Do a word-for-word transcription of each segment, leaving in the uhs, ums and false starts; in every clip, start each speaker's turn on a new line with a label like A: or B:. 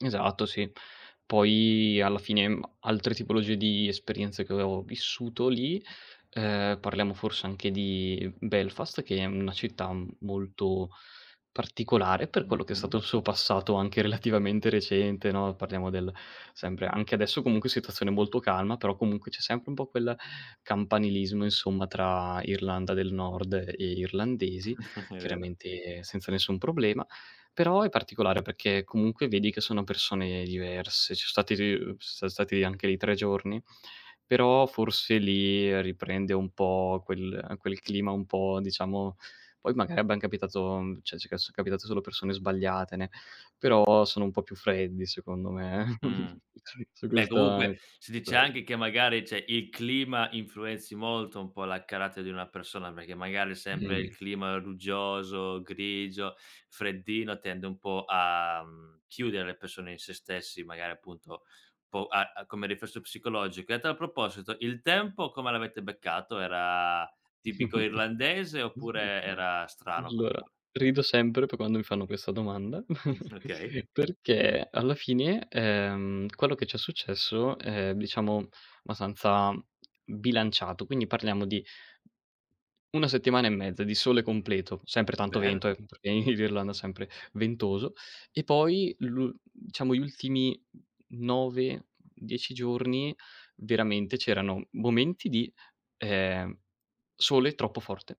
A: Esatto, sì. Poi alla fine, mhmm, altre tipologie di esperienze che avevo vissuto lì, ehm, parliamo forse anche di Belfast che è una città m molto particolare per quello che è
B: Mh-mh.
A: stato il suo passato anche relativamente recente no. Parliamo del sempre anche adesso comunque situazione molto calma, però comunque c'è sempre un po' quel campanilismo insomma tra Irlanda del Nord e Irlandesi,
B: È vero.
A: chiaramente senza nessun problema, però è particolare perché comunque vedi che sono persone diverse, ci so stati ri uhm, s-stati anche lì tre giorni, però forse lì riprende un po' quel quel clima un po' diciamo poi magari abbiam capitato cioè ci ca ci è capitato solo persone sbagliatene ne però sono un po' più freddi secondo me,
B: Mh.
A: su
B: Beh,
A: questo a
B: comunque
A: e
B: si dice
A: cosa.
B: anche che magari, cioè, il clima influenzi molto un po' la carattere di una persona, perché magari sempre il
A: Mh.
B: clima ruggioso, grigio, freddino tende un po' a, mhmm, chiudere le persone in se stessi, magari appunto po' a a come riflesso psicologico. E a tal proposito: il tempo come l'avete beccato? Era tipico irlandese oppure era strano,
A: Allora,
B: particolare?
A: rido sempre poi quando mi fanno questa domanda,
B: Mh, okay.
A: perché alla fine, ehm, quello che ci è successo è diciamo abbastanza bilanciato, quindi parliamo di una settimana e mezza, di sole completo. Sempre tanto
B: Bello!
A: vento, ehm, perché in Irlanda sempre ventoso. E poi lu diciamo gli ultimi nove, dieci giorni veramente c'erano momenti di, ehm, sole troppo forte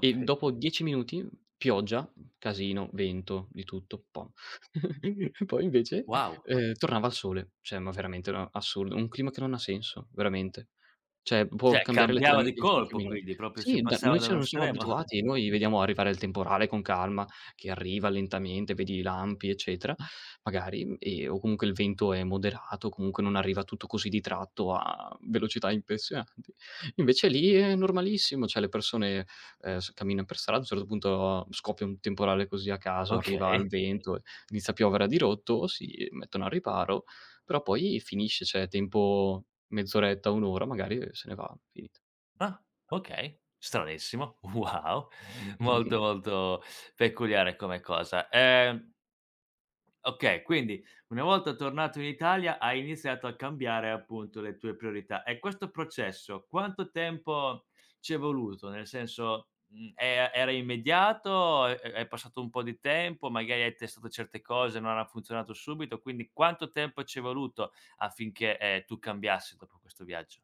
A: e dopo dieci minuti pioggia, casino, vento, di tutto un po'. Poi
B: W
A: invece
B: wow!
A: ehm, tornava il sole, cioè ma veramente una assurdo. Un clima che non ha senso, veramente. Cioè, può
B: Cioè,
A: cambiare
B: cambiava di
A: letteralmente in cinque
B: colpo,
A: minuti.
B: quindi. Proprio
A: Sì
B: si
A: da noi,
B: passava da
A: cioè,
B: un
A: non siamo
B: estremo.
A: abituati! Noi vediamo arrivare il temporale con calma che arriva lentamente vedi i lampi eccetera magari e o comunque il vento è moderato o comunque non arriva tutto così di tratto a velocità impressionanti. Invece lì è normalissimo, cioè le persone, ehm, s camminano per strada, a un certo punto scoppia un temporale così a caso, arriva al
B: Okay.
A: vento, ehm, inizia a piovere a dirotto, si mettono al riparo, però poi finisce, cioè tempo mezz'oretta, un'ora magari se ne va, finito.
B: Ah, okay. Stranissimo. Wow! Molto, molto peculiare come cosa. Ehm Okay. Quindi, una volta tornato in Italia hai iniziato a cambiare appunto le tue priorità e questo processo quanto tempo ci è voluto? Nel senso, mhmm, e a era immediato o è è passato un po' di tempo, magari hai testato certe cose, non han funzionato subito, quindi quanto tempo ci è voluto affinché, ehm, tu cambiassi dopo questo viaggio?